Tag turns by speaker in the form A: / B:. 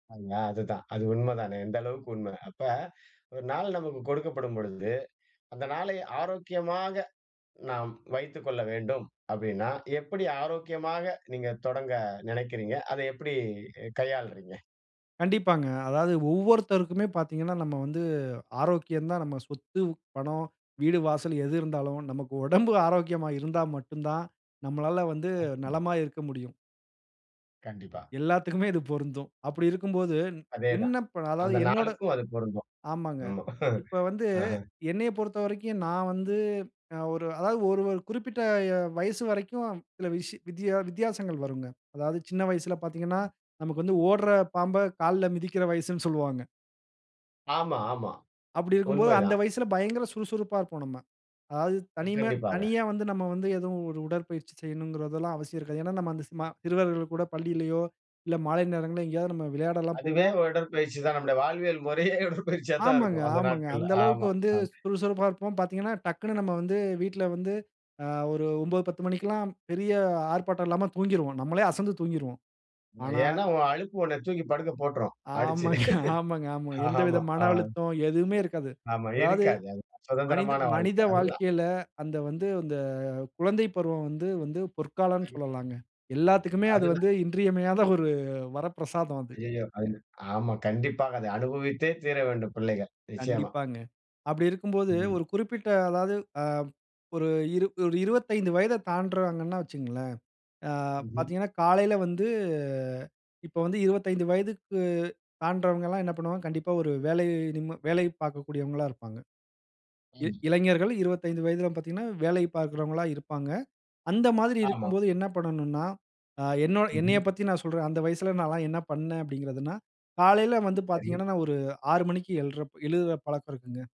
A: அ அதுதான், அது உண்மை தானே, எந்த அளவுக்கு உண்மை. அப்ப ஒரு நாள் நமக்கு கொடுக்கப்படும் பொழுது, அந்த நாளை ஆரோக்கியமாக, நாம் வைத்துக்கொள்ள வேண்டும் அப்படின்னா, எப்படி ஆரோக்கியமாக நீங்க தொடங்க நினைக்கிறீங்க. அதை எப்படி எ கையாள்றீங்க?
B: கண்டிப்பாங்க, அதாவது ஒவ்வொருத்தருக்குமே பார்த்தீங்கனா நம்ம வந்து, ஆரோக்கியம் தான் நம்ம சொத்து, பணம், வீடு வாசல் எது இருந்தாலும், நமக்கு உடம்பு ஆரோக்கியமா இருந்தா மட்டும் தான், நம்மளால வந்து
A: [unintelligible]
B: நலமா இருக்க முடியும்.
A: கண்டிப்பா.
B: எல்லாத்துக்குமே இது பொருந்தும், அப்படி இருக்கும்போது,
A: அதே தான்,
B: விண்ணப்ப அதாவது
A: அந்த
B: என்னோட
A: நாளுக்கும் அது பொருந்தும்,
B: ஆமாங்க,
A: ஆமா.
B: இப்போ வந்து,
A: அஹ்ஹ.
B: என்னையப் பொறுத்தவரைக்கும் நான் வந்து அ ஒரு அதாவது ஒரு ஒரு குறிப்பிட்ட எ வயசு வரைக்கும் சில விஷ்ஷி வித்யா வித்தியாசங்கள் வருங்க. அதாவது சின்ன வயசில பார்த்தீங்கனா,
A: ம்
B: நமக்கு வந்து ஓடுற பாம்பை கால்ல மிதிக்கிற வயசுனு சொல்வாங்க.
A: ஆமா, ஆமா.
B: அப்படி இருக்கும்போது அந்த
A: உண்மைதான்.
B: வயசில பயங்கர சுறுசுறுப்பா இருப்போம் நம்ம. அதாவது தனிமை
A: [unintelligible]
B: தனியா வந்து, நம்ம வந்து ஏதுவும் ஒரு உடற்பயிற்சி செய்யனும்கிறதெல்லாம் அவசியம் இருக்காது. ஏனா நம்ம அந்த ஸ்மா சிறுவர்கள் கூட பள்ளியிலேயோ, இல்லை மாலை நேரங்கள்லயோ எங்கேயாவது நம்ம விளையாடல்லாம்
A: அதுவே
B: போவோம்.
A: ஒரு உடற்பயிற்சி தான். நம்முடைய வாழ்வியல் முறையே உடற்பயிற்சியா தான்
B: ஆமாங்க,
A: இருக்கும் அந்த
B: ஆமாங்க,
A: நாட்கள்ல.
B: அந்த அளவுக்கு
A: ஆமா.
B: வந்து
A: ஆ
B: சுறுசுறுப்பா இருப்போம். பார்த்தீங்கனா டக்னு நம்ம வந்து வீட்டில வந்து, ஆ ஒரு 9, 10 மணிக்கு எல்லாம் பெரிய ஆர்ப்பாட்டம் இல்லாம தூங்கிருவோம், நம்மலே அசந்து தூங்கிருவோம், ஆனா
A: ஏனா, உன் அலுப்பு உன்னை தூக்கி படுக்க போட்டுரும், அடிச்சு.
B: ஆமாங்க ஆமாங்க ஆமாங்க, எந்தவித
A: ஆமா
B: மன
A: ஆ.
B: அழுத்தம், எதுவுமே இருக்காது.
A: ஆமா
B: அதாவது
A: இருக்காது அது,
B: மனித
A: சுதந்திரமான வாழ்க்கை,
B: மனித
A: அதுதான்.
B: வாழ்க்கையில, அந்த வந்து அந்த குழந்தை பருவம் வந்து வந்து பொற்காலம்னு
A: [unintelligible]
B: சொல்லலாங்க, எல்லாத்துக்குமே அது
A: அதுதான்.
B: வந்து இன்றியமையாத ஒரு, வரப்பிரசாதம் அது.
A: ஐயயோ! ஐயோ, ஆமா. கண்டிப்பாக அதை அனுபவித்தே தீர வேண்டும் பிள்ளைகள், நிச்சயமா.
B: கண்டிப்பாங்க. அப்படி இருக்கும்போது
A: ம்.
B: ஒரு குறிப்பிட்ட அதாவது அ ஒரு இரு ஒரு 25 வயதை தாண்டுறாங்கனா வைச்சுக்கோங்களேன், ஆ
A: ம்ஹம்.
B: பார்த்தீங்கனா காலையில வந்து இப்போ வந்து 25 வயதுக்கு, தாண்டுறவங்கல்லாம் என்ன பண்ணுவாங்க, கண்டிப்பா ஒரு வேலை நிம்மா வேலை பார்க்கக்கூடியவங்களா இருப்பாங்க. இ
A: ம்.
B: இளைஞர்கள் 25 வயதிலாம் பார்த்தீங்கனா, வேலை பார்க்கிறவங்களா இருப்பாங்க. அந்த மாதிரி
A: ஆமா.
B: இருக்கும்போது என்ன பண்ணனும்னா, ஆ என்னோட
A: ம்ஹம்.
B: என்னையப் பத்தி நான் சொல்றேன், அந்த வயசில நால்லாம் என்ன பண்ணேன் அப்படின்கிறதுனா, காலையில வந்து
A: சரி.
B: பார்த்தீங்கனா நான் ஒரு 6 மணிக்கு எழ்ற எழுற பழக்கம் இருக்குங்க.